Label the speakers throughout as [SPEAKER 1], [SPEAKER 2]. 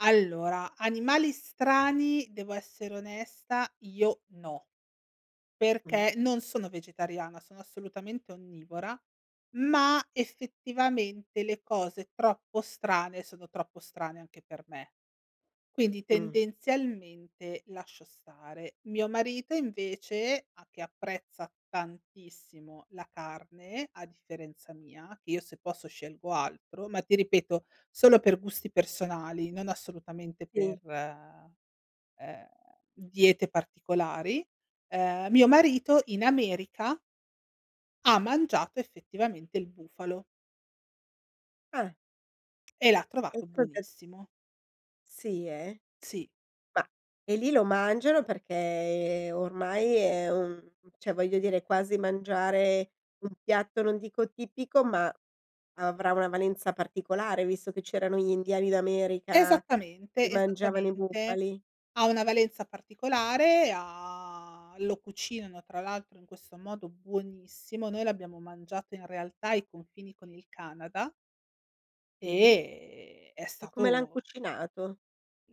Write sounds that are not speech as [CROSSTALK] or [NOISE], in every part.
[SPEAKER 1] Allora, animali strani devo essere onesta, io no,
[SPEAKER 2] Mh.
[SPEAKER 1] perché non sono vegetariana, sono assolutamente onnivora, ma effettivamente le cose troppo strane, sono troppo strane anche per me. Quindi
[SPEAKER 2] Mh.
[SPEAKER 1] tendenzialmente lascio stare. Mio marito invece a che apprezza tantissimo la carne, a differenza mia, che io se posso scelgo altro, ma ti ripeto solo per gusti personali, non assolutamente per,
[SPEAKER 2] Sì.
[SPEAKER 1] ehm, diete particolari, ehm, mio marito in America ha mangiato effettivamente il bufalo
[SPEAKER 2] Ah.
[SPEAKER 1] e l'ha trovato
[SPEAKER 2] [UNINTELLIGIBLE]
[SPEAKER 1] buonissimo.
[SPEAKER 2] Sì, eh.
[SPEAKER 1] Sì.
[SPEAKER 2] Ma e lì lo mangiano perché ormai è un cioè voglio dire è quasi mangiare un piatto, non dico tipico, ma avrà una valenza particolare visto che c'erano gli indiani d'America che
[SPEAKER 1] Esattamente,
[SPEAKER 2] mangiavano i
[SPEAKER 1] esattamente,
[SPEAKER 2] bufali?
[SPEAKER 1] ha una valenza particolare, ha lo cucinano tra l'altro in questo modo buonissimo. Noi l'abbiamo mangiato in realtà ai confini con il Canada
[SPEAKER 2] Sì.
[SPEAKER 1] e è
[SPEAKER 2] E come l'han
[SPEAKER 1] stato
[SPEAKER 2] cucinato?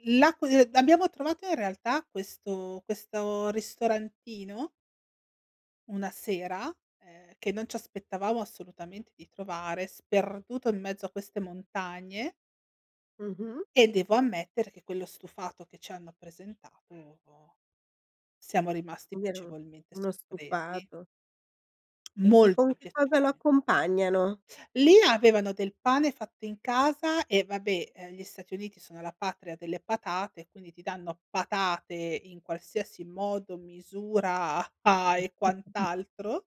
[SPEAKER 1] L'a qu ehm, abbiamo trovato in realtà questo questo ristorantino una sera, ehm, che non ci aspettavamo assolutamente di trovare, sperduto in mezzo a queste montagne
[SPEAKER 2] Mh-mh.
[SPEAKER 1] e devo ammettere che quello stufato che ci hanno presentato siamo rimasti
[SPEAKER 2] Quindi era o
[SPEAKER 1] piacevolmente
[SPEAKER 2] uno
[SPEAKER 1] sorpresi.
[SPEAKER 2] stufato. E e con
[SPEAKER 1] Molto
[SPEAKER 2] che cosa lo
[SPEAKER 1] piacevolmen
[SPEAKER 2] accompagnano?
[SPEAKER 1] Lì avevano del pane fatto in casa e vabbè, ehm, gli Stati Uniti sono la patria delle patate e quindi ti danno patate in qualsiasi modo, misura a e
[SPEAKER 2] [SNORTS]
[SPEAKER 1] quant'altro.